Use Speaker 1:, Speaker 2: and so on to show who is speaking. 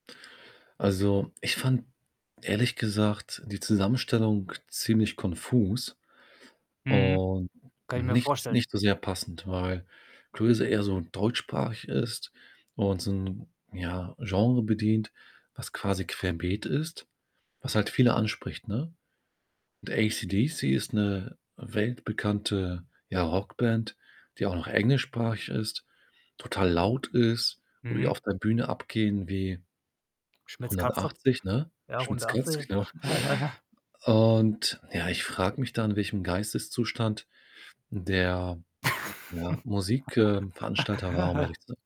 Speaker 1: Also, ich fand ehrlich gesagt die Zusammenstellung ziemlich konfus
Speaker 2: Mhm.
Speaker 1: und
Speaker 2: Kann ich mir
Speaker 1: nicht s
Speaker 2: vorstellen.
Speaker 1: nicht so sehr passend, weil Clueso eher so deutschsprachig ist und so 'n, ja, Genre bedient, was quasi querbeet ist, was halt viele anspricht, ne? Und ACDC ist 'ne weltbekannte, ja, Rockband, die auch noch englischsprachig ist, total laut ist, wo die
Speaker 2: Mhm.
Speaker 1: auf der Bühne abgehen wie
Speaker 2: Schmitz' Katze.
Speaker 1: 180, ne?
Speaker 2: Ja,
Speaker 1: Schmitz' Katze,
Speaker 2: 180.
Speaker 1: genau. Und ja, ich frage mich dann, in welchem Geisteszustand der, ja, Musik äh, Veranstalter war, um ehrlich zu sein.